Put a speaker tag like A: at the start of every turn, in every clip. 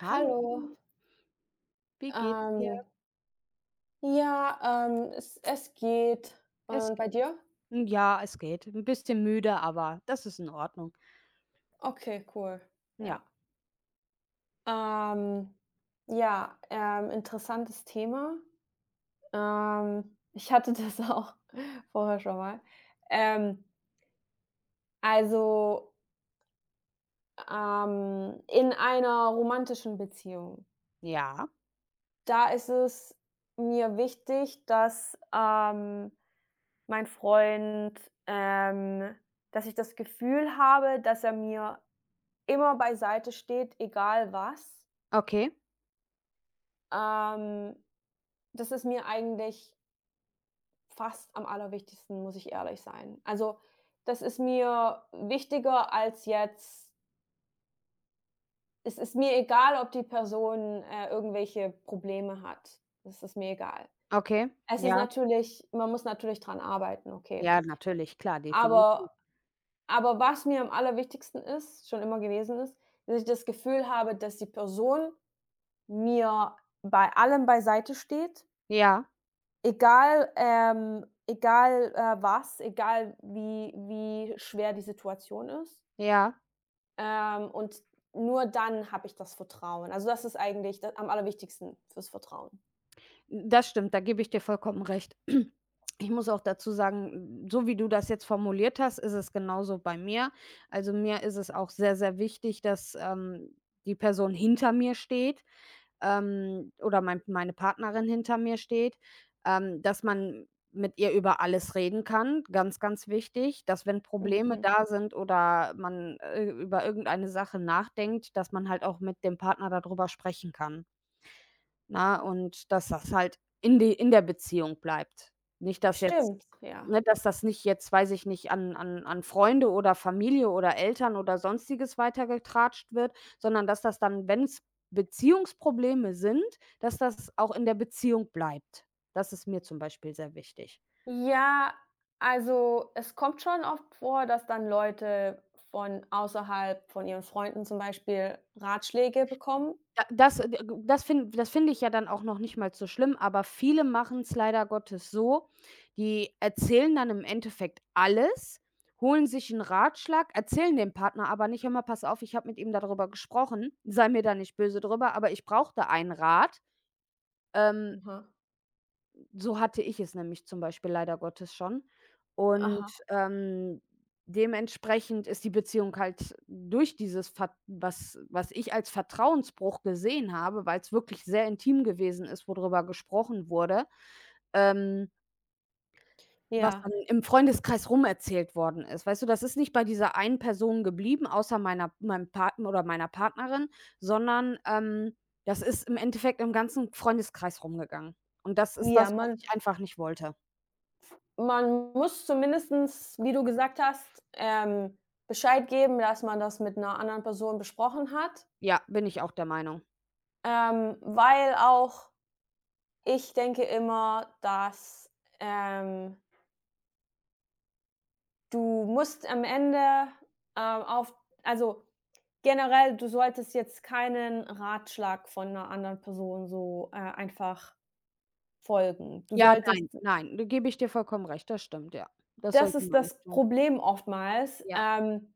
A: Hallo. Wie geht's dir?
B: Ähm ja, ähm, es es geht.
A: Es
B: Und
A: g
B: bei dir?
A: n ja, es geht, 'n bisschen müde, aber das ist in Ordnung.
B: Okay, cool,
A: Ja.
B: ja. Ähm, ja, ähm, interessantes Thema. Ähm, ich hatte das auch vorher schon mal. Ähm also ähm, in einer romantischen Beziehung
A: Ja.
B: da ist es mir wichtig, dass, ähm, mein Freund, ähm dass ich das Gefühl habe, dass er mir immer beiseite steht, egal was
A: Okay.
B: ähm, dass ist mir eigentlich fast am aller wichtigsten, muss ich ehrlich sein. Also, das ist mir wichtiger als jetzt es ist mir egal, ob die Person, äh, irgendwelche Probleme hat. Das ist mir egal.
A: Okay,
B: Es ist
A: ja.
B: natürlich man muss natürlich dran arbeiten, okay.
A: Ja, natürlich, klar, definitiv.
B: Aber aber was mir am aller wichtigsten ist schon immer gewesen ist, dass ich das Gefühl habe, dass die Person mir bei allem beiseite steht.
A: Ja.
B: Egal ähm, egal, äh, was, egal wie wie schwer die Situation ist
A: Ja.
B: ähm, und nur dann habe ich das Vertrauen. Also, das ist eigentlich d am aller wichtigsten für das Vertrauen.
A: Das stimmt, da gebe ich dir vollkommen recht. Ich muss auch dazu sagen, so wie du das jetzt formuliert hast, ist es genauso bei mir. Also, mir ist es auch sehr sehr wichtig, dass, ähm, die Person hinter mir steht, ähm, oder mein meine Partnerin hinter mir steht, ähm, dass man mit ihr über alles reden kann. Ganz, ganz wichtig, dass wenn Probleme
B: Mhm.
A: da sind oder man, äh, über irgendeine Sache nachdenkt, dass man halt auch mit dem Partner da drüber sprechen kann. Ne, und dass das halt in de in der Beziehung bleibt. Nicht, dass jetzt
B: Stimmt, ja.
A: ne, dass das nicht jetzt, weiß ich nicht, an an an Freunde oder Familie oder Eltern oder sonstiges weitergetratscht wird, sondern dass das dann, wenn es Beziehungsprobleme sind, dass das auch in der Beziehung bleibt. Das ist mir zum Beispiel sehr wichtig.
B: Ja, also, es kommt schon oft vor, dass dann Leute von außerhalb von ihren Freunden zum Beispiel Ratschläge bekommen.
A: Ja das äh, w w das fin das finde ich ja dann auch noch nicht mal so schlimm, aber viele machen es leider Gottes so, die erzählen dann im Endeffekt alles, holen sich 'n Ratschlag, erzählen dem Partner, aber nicht: „Hör mal, pass auf, ich habe mit ihm darüber gesprochen. Sei mir da nicht böse drüber, aber ich brauche da einen Rat.“ Ähm
B: Oha.
A: So hatte ich es nämlich zum Beispiel leider Gottes schon und,
B: Aha.
A: ähm, dementsprechend ist die Beziehung halt durch dieses fat was was ich als Vertrauensbruch gesehen habe, weil's wirklich sehr intim gewesen ist, wo drüber gesprochen wurde, ähm was
B: Ja.
A: dann im Freundeskreis rumerzählt worden ist. Weißt du, das ist nicht bei dieser einen Person geblieben, außer meiner meinem Partner oder meiner Partnerin, sondern, ähm, das ist im Endeffekt im ganzen Freundeskreis rumgegangen. Und das ist
B: Ja
A: das, was
B: man
A: ich einfach nicht wollte.
B: man muss zumindestens, wie du gesagt hast, ähm, Bescheid geben, dass man das mit 'ner anderen Person besprochen hat
A: Ja, bin ich auch der Meinung.
B: ähm, weil auch ich denke immer, dass, ähm du musst am Ende, ähm, auf also generell, du solltest jetzt keinen Ratschlag von 'ner anderen Person so, äh, einfach folgen. Du
A: Ja,
B: solltest
A: nein,
B: d
A: nein, da gebe ich dir vollkommen recht, das stimmt, ja. Das
B: Das
A: sollte
B: ist
A: man
B: das
A: nicht tun.
B: Problem oftmals,
A: Ja.
B: ähm,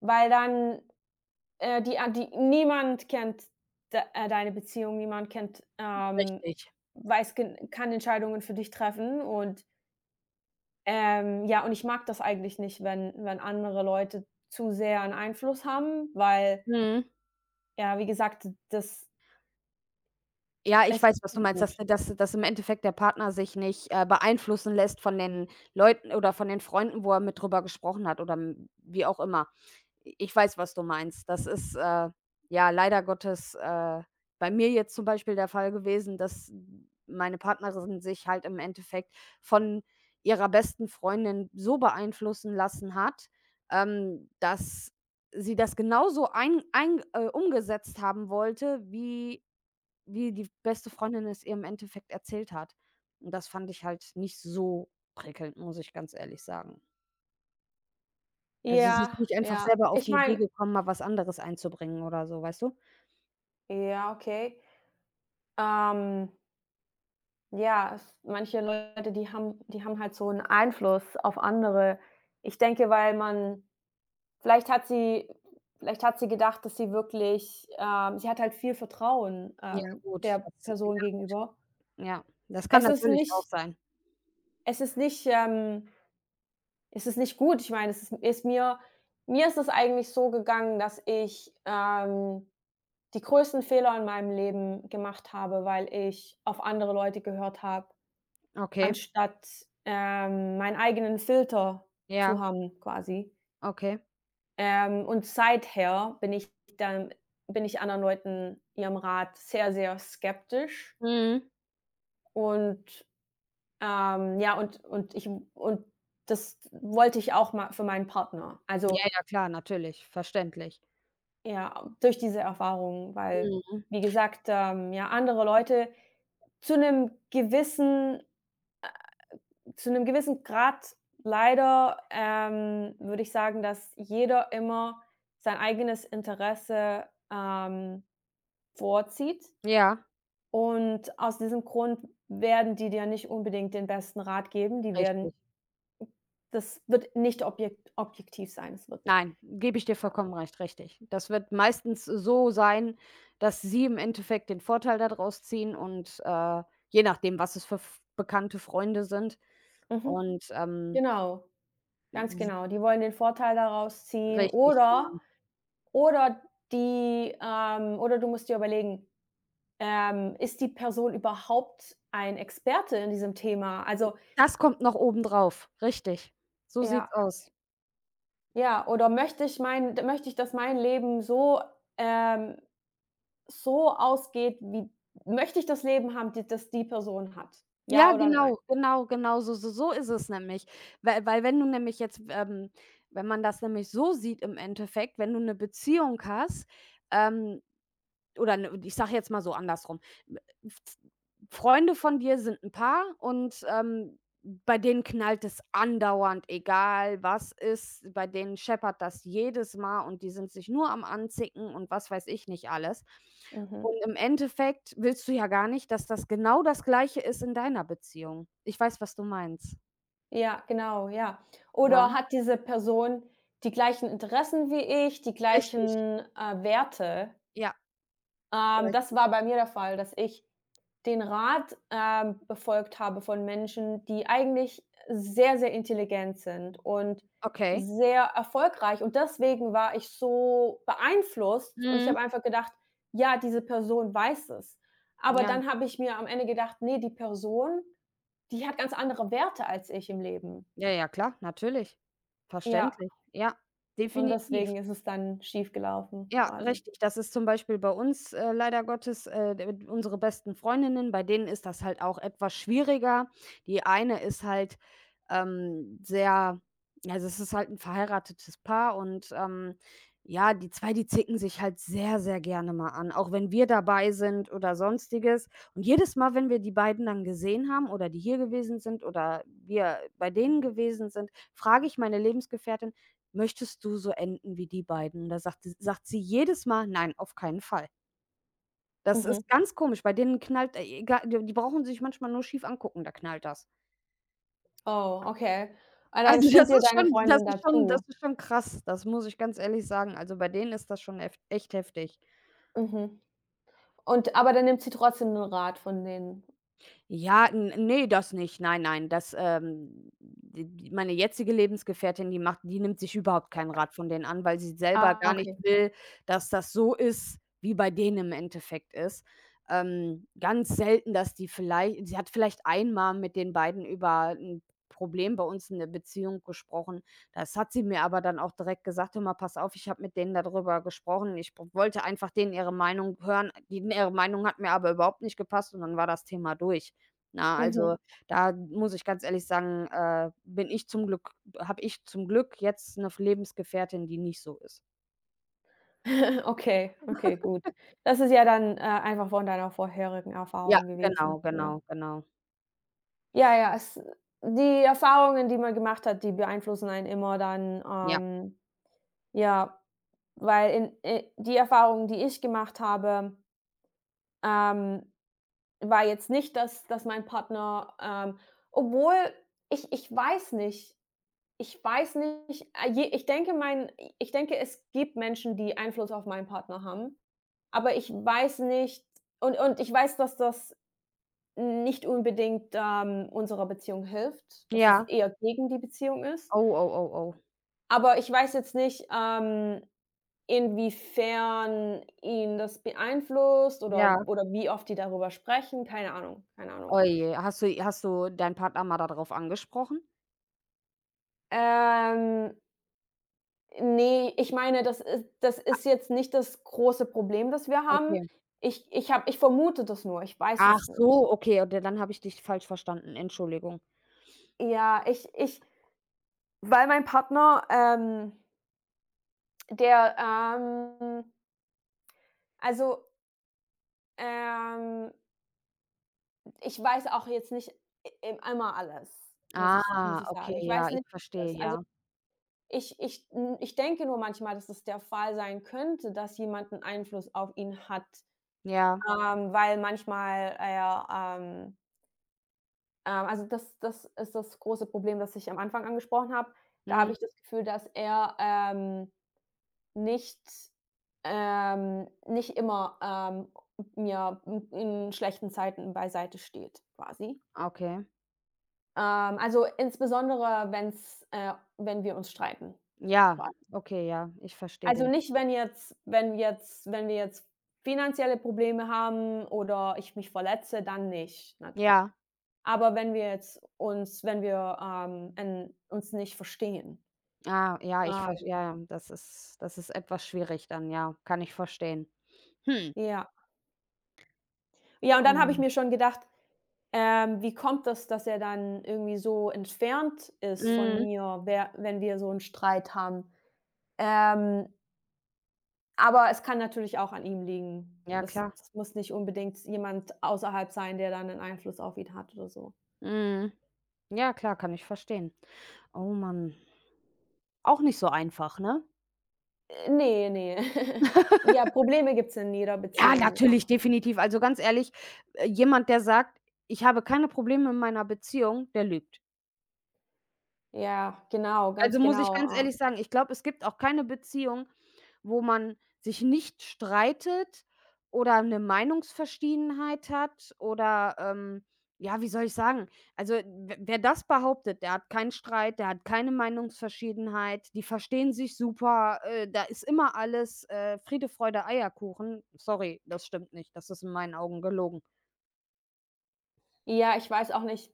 B: weil dann, äh, die an die niemand kennt d äh, deine Beziehung, niemand kennt, ähm
A: Richtig.
B: weiß ge kann Entscheidungen für dich treffen und Ähm, ja, und ich mag das eigentlich nicht, wenn wenn andere Leute zu sehr 'n Einfluss haben, weil
A: Mhm.
B: ja, wie gesagt, d das
A: Ja, ich
B: es ist
A: weiß, was du
B: nicht
A: meinst, dass
B: gut.
A: dass dass im Endeffekt der Partner sich nicht, äh, beeinflussen lässt von den Leuten oder von den Freunden, wo er mit drüber gesprochen hat oder m wie auch immer. I ich weiß, was du meinst. Das ist, äh, ja leider Gottes, äh, bei mir jetzt zum Beispiel der Fall gewesen, dass m meine Partnerin sich halt im Endeffekt von ihrer besten Freundin so beeinflussen lassen hat, ähm, dass sie das genauso ein ein äh, umgesetzt haben wollte, wie wie die beste Freundin es ihr im Endeffekt erzählt hat. Und das fand ich halt nicht so prickelnd, muss ich ganz ehrlich sagen. Also sie
B: Ja,
A: ist nicht einfach
B: ja.
A: selber auf
B: Ich
A: die Idee
B: meine
A: gekommen, mal was anderes einzubringen oder so, weißt du?
B: Ja, okay, ähm ja, s manche Leute, die haben die haben halt so 'n Einfluss auf andere. Ich denke, weil man vielleicht hat sie vielleicht hat sie gedacht, dass die wirklich, ähm sie hat halt viel Vertrauen,
A: Ja,
B: ähm,
A: gut,
B: der
A: das, ja
B: Person gegenüber.
A: gut. Ja, das kann
B: Es ist
A: natürlich auch
B: nicht
A: sein.
B: es ist nicht, ähm es ist nicht gut, ich meine, es ist m ist mir mir ist es eigentlich so gegangen, dass ich, ähm, die größten Fehler in meinem Leben gemacht habe, weil ich auf andere Leute gehört habe.
A: Okay.
B: Anstatt, ähm, meinen eigenen Filter zu
A: Ja.
B: haben, quasi.
A: Okay.
B: Ähm, und seither bin ich dann bin ich anderen Leuten ihrem Rat sehr, sehr skeptisch.
A: Mhm.
B: Und, ähm, ja, und und ich w und das wollte ich auch mal für meinen Partner,
A: Ja,
B: also
A: ja, klar, natürlich, verständlich.
B: Ja, a durch diese Erfahrung, weil,
A: Mhm.
B: wie gesagt, ähm, ja, andere Leute zu 'nem gewissen, äh zu 'nem gewissen Grad leider, ähm, würde ich sagen, dass jeder immer sein eigenes Interesse, ähm, vorzieht.
A: Ja.
B: Und aus diesem Grund werden die dir nicht unbedingt den besten Rat geben, die
A: Richtig.
B: werden das wird nicht objekt objektiv sein es wird
A: Nein, gebe ich dir
B: ja.
A: vollkommen recht, richtig. Das wird meistens so sein, dass sie im Endeffekt den Vorteil da draus ziehen und, äh, je nachdem, was es f Bekannte, Freunde sind.
B: Mhm,
A: Und, ähm
B: genau. Ganz
A: Mhm.
B: genau. Die wollen den Vorteil daraus ziehen
A: Richtig,
B: oder
A: genau.
B: oder die, ähm oder du musst dir überlegen, ähm, ist die Person überhaupt ein Experte in diesem Thema? Also
A: Das kommt noch oben drauf, richtig, so
B: Ja.
A: sieht's aus.
B: Ja, oder möchte ich mein d möchte ich, dass mein Leben so, ähm so ausgeht, wie möchte ich das Leben haben, d das die Person hat.
A: Ja,
B: Ja oder nein?
A: genau, genau, genau s s so ist es nämlich. Weil weil wenn du nämlich jetzt, ähm wenn man das nämlich so sieht im Endeffekt, wenn du 'ne Beziehung hast, ähm oder n ich sage jetzt mal so andersrum, w f f Freunde von dir sind 'n Paar und, ähm, bei denen knallt es andauernd, egal was ist, bei denen scheppert das jedes Mal und die sind sich nur am anzicken und was weiß ich nicht alles.
B: Mhm.
A: Und im Endeffekt willst du ja gar nicht, dass das genau das Gleiche ist in deiner Beziehung. Ich weiß, was du meinst.
B: Ja, genau, ja, oder
A: Nein.
B: hat diese Person die gleichen Interessen wie ich, die
A: Richtig.
B: gleichen, äh, Werte?
A: Ja.
B: Ähm, das
A: [unintelligible]
B: war bei mir der Fall, dass ich den Rat, ähm, befolgt habe von Menschen, die eigentlich sehr sehr intelligent sind und
A: Okay.
B: sehr erfolgreich, und deswegen war ich so beeinflusst, und ich habe
A: Mhm.
B: einfach gedacht, ja, diese Person weiß es. Aber
A: Ja.
B: dann habe ich mir am Ende gedacht, ne, die Person, die hat ganz andere Werte als ich im Leben.
A: Ja, ja, klar, natürlich.
B: Ja.
A: Verständlich. Ja,
B: Und
A: definitiv.
B: deswegen ist es dann schief gelaufen,
A: Ja,
B: quasi.
A: richtig. Das ist zum Beispiel bei uns, äh, leider Gottes, äh, de unsere besten Freundinnen, bei denen ist das halt auch etwas schwieriger. Die eine ist halt, ähm, sehr also, das ist halt 'n verheiratetes Paar, und, ähm, ja, die 2, die zicken sich halt sehr, sehr gerne mal an, auch wenn wir dabei sind oder Sonstiges. Und jedes Mal, wenn wir die beiden dann gesehen haben oder die hier gewesen sind oder wir bei denen gewesen sind, frage ich meine Lebensgefährtin: „Möchtest du so enden wie die beiden?“ Da sagte sagt sie jedes Mal: „Nein, auf keinen Fall.“ Das
B: Mhm.
A: ist ganz komisch, bei denen knallt e e gar die brauchen sich manchmal nur schief angucken, da knallt das.
B: Oh, okay, und dann
A: Also
B: stimmt
A: das
B: dir
A: ist
B: deine
A: schon das
B: Freundin
A: ist
B: da
A: schon das
B: zu?
A: ist schon krass. Das muss ich ganz ehrlich sagen. Also bei denen ist das schon eft echt heftig.
B: Mhm, und aber dann nimmt sie trotzdem den Rat von denen?
A: Ja, n ne, das nicht, nein, nein. Das, ähm, d meine jetzige Lebensgefährtin, die macht die nimmt sich überhaupt keinen Rat von denen an, weil sie selber
B: Ah,
A: gar nicht
B: okay.
A: will, dass das so ist, wie bei denen im Endeffekt ist. Ähm, ganz selten, dass die vielleicht sie hat vielleicht einmal mit den beiden über ‘n Problem bei uns in der Beziehung gesprochen. Das hat sie mir aber dann auch direkt gesagt: „Hör mal, pass auf, ich habe mit denen da drüber gesprochen. Ich w wollte einfach denen ihre Meinung hören. Die ihre Meinung hat mir aber überhaupt nicht gepasst." und dann war das Thema durch. Na, also
B: Mhm.
A: da muss ich ganz ehrlich sagen, äh, bin ich zum Glück habe ich zum Glück jetzt ‘ne f Lebensgefährtin, die nicht so ist.
B: Okay, okay, gut. Das ist ja dann, äh, einfach von deiner vorherigen
A: Ja,
B: Erfahrung
A: genau,
B: gewesen, ja.
A: genau, genau.
B: Ja, ja, es die Erfahrungen, die man gemacht hat, die beeinflussen einen immer dann,
A: Ja.
B: ähm, ja, weil in, äh die Erfahrung, die ich gemacht habe ähm, war jetzt nicht, dass dass mein Partner, ähm obwohl ich ich weiß nicht ich weiß nicht, ah, je ich denke mein ich denke, es gibt Menschen, die Einfluss auf meinen Partner haben, aber ich weiß nicht und und ich weiß, dass das nicht unbedingt, ähm, unserer Beziehung hilft, dass das
A: Ja.
B: eher gegen die Beziehung ist.
A: Oh, oh, oh, oh.
B: Aber ich weiß jetzt nicht, ähm, inwiefern ihn das beeinflusst
A: Ja.
B: oder oder wie oft die darüber sprechen, keine Ahnung, keine Ahnung.
A: Oh je, hast du i hast du deinen Partner mal darauf angesprochen?
B: Ähm ne, ich meine, das is das
A: A
B: ist jetzt nicht das große Problem, das wir haben.
A: Okay.
B: Ich ich habe ich vermute das nur, ich weiß
A: Ach
B: es nicht.
A: so, okay, d dann habe ich dich falsch verstanden, Entschuldigung.
B: Ja, ich ich Weil mein Partner, ähm Der, ähm also ähm. ich weiß auch jetzt nicht e einmal alles, muss ich muss
A: Ah,
B: ich
A: okay,
B: sagen. Ich
A: ja,
B: weiß
A: ich
B: nicht
A: verstehe,
B: alles. Also,
A: ja.
B: ich ich n ich denke nur manchmal, dass das der Fall sein könnte, dass jemand 'n Einfluss auf ihn hat,
A: Ja.
B: ähm, weil manchmal er, ähm ähm, also, das das ist das große Problem, das ich am Anfang angesprochen habe. Da habe
A: Mhm.
B: ich das Gefühl, dass er, ähm, nicht, ähm nicht immer, ähm, n ja, n in schlechten Zeiten beiseite steht, quasi.
A: Okay.
B: Ähm, also, insbesondere wenn es, äh wenn wir uns streiten,
A: Ja,
B: vor allem.
A: okay, ja, ich verstehe
B: Also,
A: den.
B: nicht, wenn jetzt wenn jetzt wenn wir jetzt finanzielle Probleme haben oder ich mich verletze, dann nicht, ne?
A: Ja.
B: Aber wenn wir jetzt uns wenn wir, ähm, äh, uns nicht verstehen.
A: Ah, ja, ich vers
B: Ähm.
A: ja, das ist das ist etwas schwierig dann, ja, kann ich verstehen. Hm.
B: Ja. Ja, und dann habe ich
A: Ähm.
B: mir schon gedacht: „Ähm wie kommt das, dass er dann irgendwie so entfernt ist von
A: Mhm.
B: mir, wer wenn wir so 'nen Streit haben?“ Ähm aber es kann natürlich auch an ihm liegen.
A: Ja,
B: Das
A: klar.
B: das muss nicht unbedingt jemand außerhalb sein, der da 'nen Einfluss auf ihn hat oder so.
A: Mhm ja, klar, kann ich verstehen. Oh man auch nicht so einfach, ne?
B: Äh, ne, ne. Ja, Probleme gibt es in jeder
A: Ja,
B: Beziehung,
A: natürlich,
B: ja.
A: definitiv. Also, ganz ehrlich, jemand, der sagt: „Ich habe keine Probleme meiner Beziehung“, der lügt.
B: Ja, genau,
A: Also,
B: ganz
A: muss ich ganz
B: genau, äh
A: ehrlich sagen, ich glaube, es gibt auch keine Beziehung, wo man sich nicht streitet oder 'ne Meinungsverschiedenheit hat oder, ähm, ja, wie soll ich sagen? Also, w wer das behauptet, der hat keinen Streit, der hat keine Meinungsverschiedenheit, die verstehen sich super, äh, da ist immer alles, äh, Friede, Freude, Eierkuchen. Sorry, das stimmt nicht, das ist in meinen Augen gelogen.
B: Ja, ich weiß auch nicht,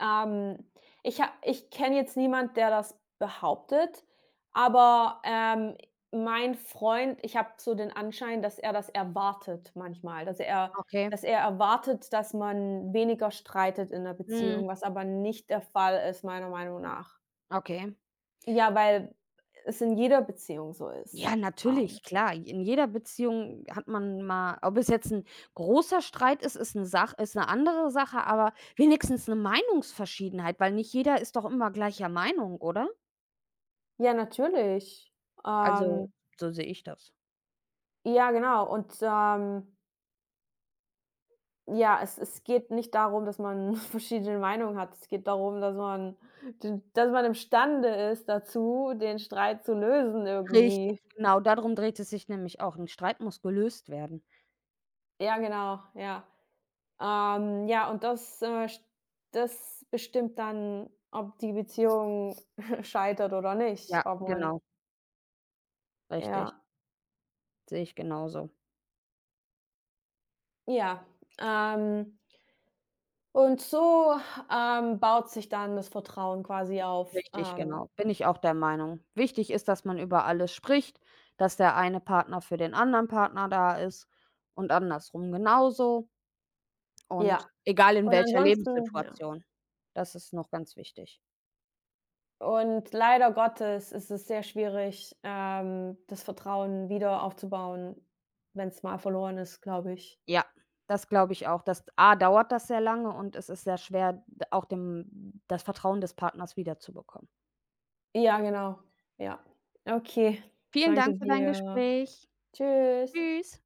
B: ähm, ich ha ich kenne jetzt niemand, der das behauptet, aber, ähm, i mein Freund, ich habe so den Anschein, dass er das erwartet manchmal dass er
A: Okay.
B: dass er erwartet, dass man weniger streitet in der
A: Mhm.
B: Beziehung, was aber nicht der Fall ist, meiner Meinung nach.
A: Okay.
B: Ja, weil es in jeder Beziehung so ist,
A: Ja,
B: ähm
A: natürlich, klar. J in jeder Beziehung hat man mal ob es jetzt 'n großer Streit ist, ist 'ne Sach ist 'ne andere Sache, aber wenigstens 'ne Meinungsverschiedenheit, weil nicht jeder ist doch immer gleicher Meinung, oder?
B: Ja, natürlich,
A: Also,
B: ähm
A: so sehe ich das.
B: Ja, genau, und, ähm ja, es es geht nicht darum, dass man verschiedene Meinungen hat. Es geht darum, dass man d dass man imstande ist, dazu, den Streit zu lösen,
A: Richtig,
B: irgendwie.
A: genau, da drum dreht es sich nämlich auch, 'n Streit muss gelöst werden.
B: Ja, genau, ja, ähm, ja, und das, äh, sch das bestimmt dann, ob die Beziehung scheitert oder
A: Ja,
B: nicht, ob man
A: genau. Richtig.
B: Ja.
A: Sehe ich genauso.
B: Ja, ähm und so, ähm, baut sich dann das Vertrauen quasi auf,
A: Richtig,
B: ähm
A: genau. Bin ich auch der Meinung. Wichtig ist, dass man über alles spricht, dass der eine Partner für den anderen Partner da ist und andersrum genauso. Und
B: Ja.
A: egal in
B: Und
A: welcher
B: ansonsten ja.
A: Lebenssituation, das ist noch ganz wichtig.
B: Und leider Gottes ist es sehr schwierig, ähm, das Vertrauen wieder aufzubauen, wenn's mal verloren ist, glaube ich.
A: Ja, das glaube ich auch. Das d A dauert das sehr lange und es ist sehr schwer d auch dem das Vertrauen des Partners wiederzubekommen.
B: Ja, genau. Ja. Okay,
A: Vielen
B: danke
A: Dank für dein
B: dir.
A: Gespräch.
B: Tschüss.
A: Tschüss.